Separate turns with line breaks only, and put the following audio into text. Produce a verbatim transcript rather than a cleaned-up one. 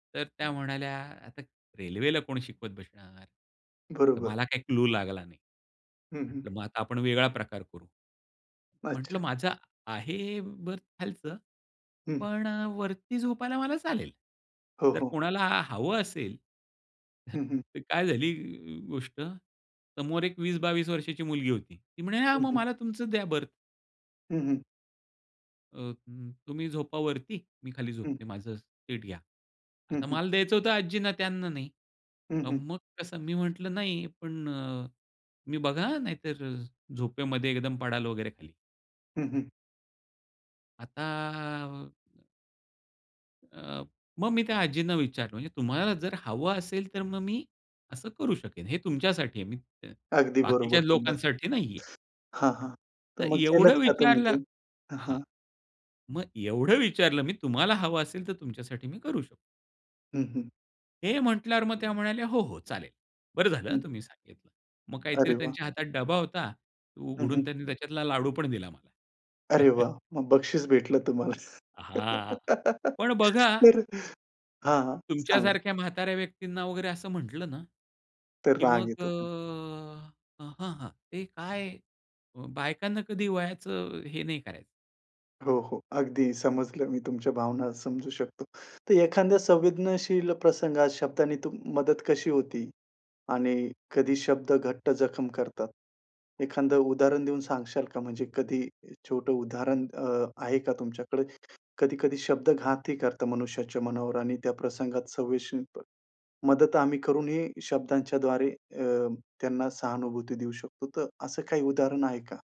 तर त्या म्हणाल्या, "आता रेल्वेला कोण शिकवत बसणार?" तर
बरोबर.
मला काही क्लू लागला नाही.
हं, हं.
म्हटलं मग आता आपण वेगळा प्रकार करू. म्हटलं,
अच्छा.
"माझं आहे बर्थ खालचं,
हं.
पण अ, वरती झोपायला मला चालेल,
हो,
जर
हो.
कोणाला हवं असेल",
हं, हं.
तर काय झाली गोष्ट समोर एक वीस बावीस वर्षाची मुलगी होती. ती म्हणे, "हां,
हं,
मग
हं.
मला तुमचं द्या बर्थ"
हं, हं.
"अ, उम्म, तुम्ही झोपा वरती, मी खाली
हं.
झोपते.,माझं सीट घ्या."
हं,
आता
हं.
मला द्यायचं होतं आजींना, त्यांना नाही.
हं,
अ,
हं.
मग कसं मी म्हटलं, "नाही," पण अ, मी, "बघा, अं, नाहीतर झोपेमध्ये एकदम पडाल वगैरे खाली."
हं, हं.
आता अ अ, मग मी त्या आजींना विचारलं म्हणजे "तुम्हाला जर हवं असेल तर मग मी असं करू शकेन, हे तुमच्यासाठी आहे, मी
अगदी
बाकीच्या
बरोबर बोललात.
लोकांसाठी नाहीये."
हां, हां. तर
तर
मग
एवढं
केलत का तुम्ही ते?
विचारलं
हां,
हां,
हां.
मग एवढं विचारलं मी "तुम्हाला हवं असेल तर तुमच्यासाठी मी करू शकतो."
हं, हं.
हे म्हटल्यावर मग त्या म्हणाल्या, "हो, हो, चालेल, बरं झालं हं,
हं.
तुम्ही सांगितलं." मग काहीतरी
अरे वाह!
त्यांच्या हातात डबा होता.
हं,
उघडून
हं.
त्यांनी त्याच्यातला लाडू पण दिला मला.
अरे वाह! मग बक्षीस भेटलं तुम्हाला.
हां. पण बघा
तर हां, हां, सांगा.
तुमच्यासारख्या म्हाताऱ्या व्यक्तींना वगैरे असं म्हंटलं ना
तर
की
राग
मग अ,
येत होता.
हं, हं, ते काय बायकांना कधी वयाचं हे नाही करायचं.
हो, हो, अगदी समजलं. मी तुमच्या भावना समजू शकतो. तर एखांद्या संवेदनशील प्रसंगात शब्दाने तुम मदत कशी होती आणि कधी शब्द घट्ट जखम करतात. एखांद उदाहरण देऊन सांगशाल का म्हणजे कधी छोटं उदाहरण अ, आहे का तुमच्याकडे? कधी-कधी शब्द घातही करतात मनुष्याच्या मनावर आणि त्या प्रसंगात संवेशील पण मदत आम्ही करूनही शब्दांच्याद्वारे अ, त्यांना सहानुभूती देऊ शकतो. तर असं काही उदाहरण आहे का?